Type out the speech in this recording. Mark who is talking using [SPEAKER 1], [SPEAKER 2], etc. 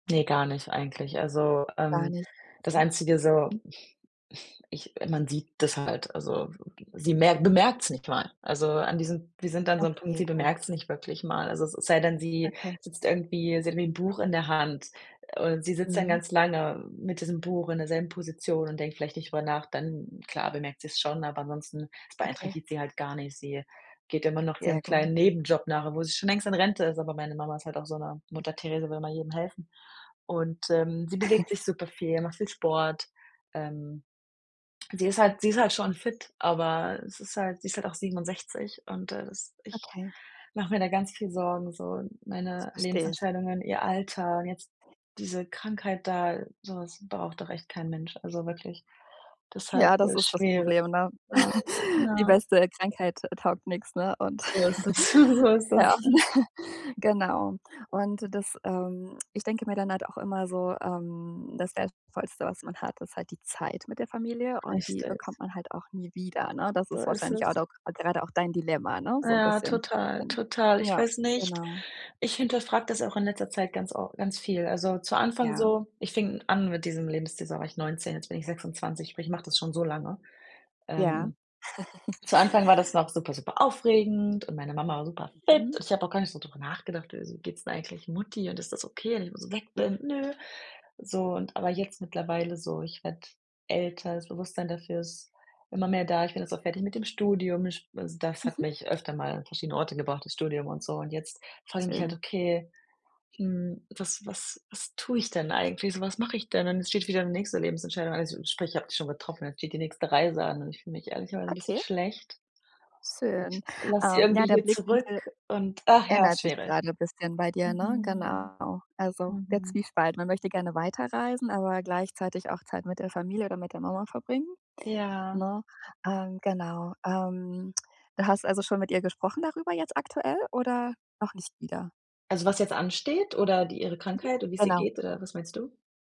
[SPEAKER 1] Ne, gar nicht eigentlich. Also,
[SPEAKER 2] Gar
[SPEAKER 1] ähm,
[SPEAKER 2] nicht.
[SPEAKER 1] das Einzige so, ich man sieht das halt, also sie merk bemerkt es nicht mal. Also, an diesem sie sind an so 'm Punkt,
[SPEAKER 2] Okay,
[SPEAKER 1] sie
[SPEAKER 2] gut.
[SPEAKER 1] bemerkt es nicht wirklich mal. Also es sei denn, sie
[SPEAKER 2] Okay.
[SPEAKER 1] sitzt irgendwie sie hat wie Buch in der Hand oder sie sitzt dann
[SPEAKER 2] Mhm.
[SPEAKER 1] ganz lange mit diesem Buch in derselben Position und denkt vielleicht nicht drüber nach, dann, klar, bemerkt sie's schon, aber ansonsten es
[SPEAKER 2] Okay.
[SPEAKER 1] beeinträchtigt sie halt gar nicht. Sie geht immer noch ihrem
[SPEAKER 2] Sehr gut.
[SPEAKER 1] kleinen Nebenjob nach, obwohl sie schon längst in Rente ist, aber meine Mama ist halt auch so 'ne Mutter Therese, will immer jedem helfen. Und, ähm, sie bewegt sich super viel, macht viel Sport. Ähm, sie ist halt sie ist halt schon fit, aber es ist halt sie ist halt auch 67 und das ich
[SPEAKER 2] Okay.
[SPEAKER 1] mach mir da ganz viel Sorgen, so.
[SPEAKER 2] Das
[SPEAKER 1] Meine
[SPEAKER 2] verstehe ich.
[SPEAKER 1] Lebensentscheidungen, ihr Alter, jetzt diese Krankheit da, so was braucht doch echt kein Mensch, also wirklich, deshalb,
[SPEAKER 2] Ja, das
[SPEAKER 1] ja,
[SPEAKER 2] ist das
[SPEAKER 1] schwer.
[SPEAKER 2] Problem, ne?
[SPEAKER 1] Ja.
[SPEAKER 2] Die
[SPEAKER 1] Ja.
[SPEAKER 2] beste, äh, Krankheit taugt nix, ne? Und
[SPEAKER 1] So ist es so ist das.
[SPEAKER 2] ja, genau. Und das, ähm ich denke mir dann halt auch immer so, ähm, das Wertvollste, was man hat, ist halt die Zeit mit der Familie und die
[SPEAKER 1] Richtig.
[SPEAKER 2] bekommt man halt auch nie wieder, ne? Das
[SPEAKER 1] So
[SPEAKER 2] ist
[SPEAKER 1] ist
[SPEAKER 2] wahrscheinlich halt
[SPEAKER 1] es.
[SPEAKER 2] auch gerade auch dein Dilemma, ne, so 'n
[SPEAKER 1] Ja,
[SPEAKER 2] bisschen.
[SPEAKER 1] total,
[SPEAKER 2] Gen
[SPEAKER 1] total, ich
[SPEAKER 2] ja,
[SPEAKER 1] weiß nicht
[SPEAKER 2] genau.
[SPEAKER 1] ich hinterfrage das auch in letzter Zeit ganz of ganz viel. Also, zu Anfang
[SPEAKER 2] Ja.
[SPEAKER 1] so ich fing an mit diesem Lebensstil, so, da war ich 19, jetzt bin ich 26, sprich, ich mache das schon so lange.
[SPEAKER 2] Ja.
[SPEAKER 1] Ähm. Zu Anfang war das noch super, super aufregend und meine Mama war super fit
[SPEAKER 2] Mhm.
[SPEAKER 1] und ich habe auch gar nicht so drüber nachgedacht: „Wieso geht es denn eigentlich Mutti und ist das okay, wenn ich so weg bin?“ Ne. So und aber jetzt mittlerweile so, ich werde älter, das Bewusstsein dafür ist immer mehr da. Ich bin jetzt auch fertig mit dem Studium. Sch d das hat
[SPEAKER 2] Mhm.
[SPEAKER 1] mich öfter mal an verschiedene Orte gebracht, das Studium und so. Und jetzt frage ich mich halt:
[SPEAKER 2] Schön.
[SPEAKER 1] „Okay, hm, was was was tue ich denn eigentlich? So, was mache ich denn?“ Dann es steht wieder die nächste Lebensentscheidung an, sprich, die habe ich schon getroffen, es steht die nächste Reise an und ich fühle mich ehrlicherweise 'n bisschen
[SPEAKER 2] Okay.
[SPEAKER 1] schlecht.
[SPEAKER 2] Schön.
[SPEAKER 1] Ich lass sie
[SPEAKER 2] Ähm, ja,
[SPEAKER 1] irgendwie
[SPEAKER 2] der
[SPEAKER 1] hier zurück
[SPEAKER 2] Blickwinkel
[SPEAKER 1] und ach ja,
[SPEAKER 2] ändert sich
[SPEAKER 1] schwierig.
[SPEAKER 2] grade bisschen bei dir, ne?
[SPEAKER 1] Mhm.
[SPEAKER 2] Genau. Also, der
[SPEAKER 1] Mhm.
[SPEAKER 2] Zwiespalt. Man möchte gerne weiterreisen, aber gleichzeitig auch Zeit mit der Familie oder mit der Mama verbringen,
[SPEAKER 1] Ja.
[SPEAKER 2] ne? Ähm, genau. Ähm, du hast also schon mit ihr gesprochen darüber jetzt aktuell oder noch nicht wieder?
[SPEAKER 1] Also was jetzt ansteht oder die ihre
[SPEAKER 2] Mhm.
[SPEAKER 1] Krankheit und wie's ihr
[SPEAKER 2] Genau.
[SPEAKER 1] geht oder was meinst du?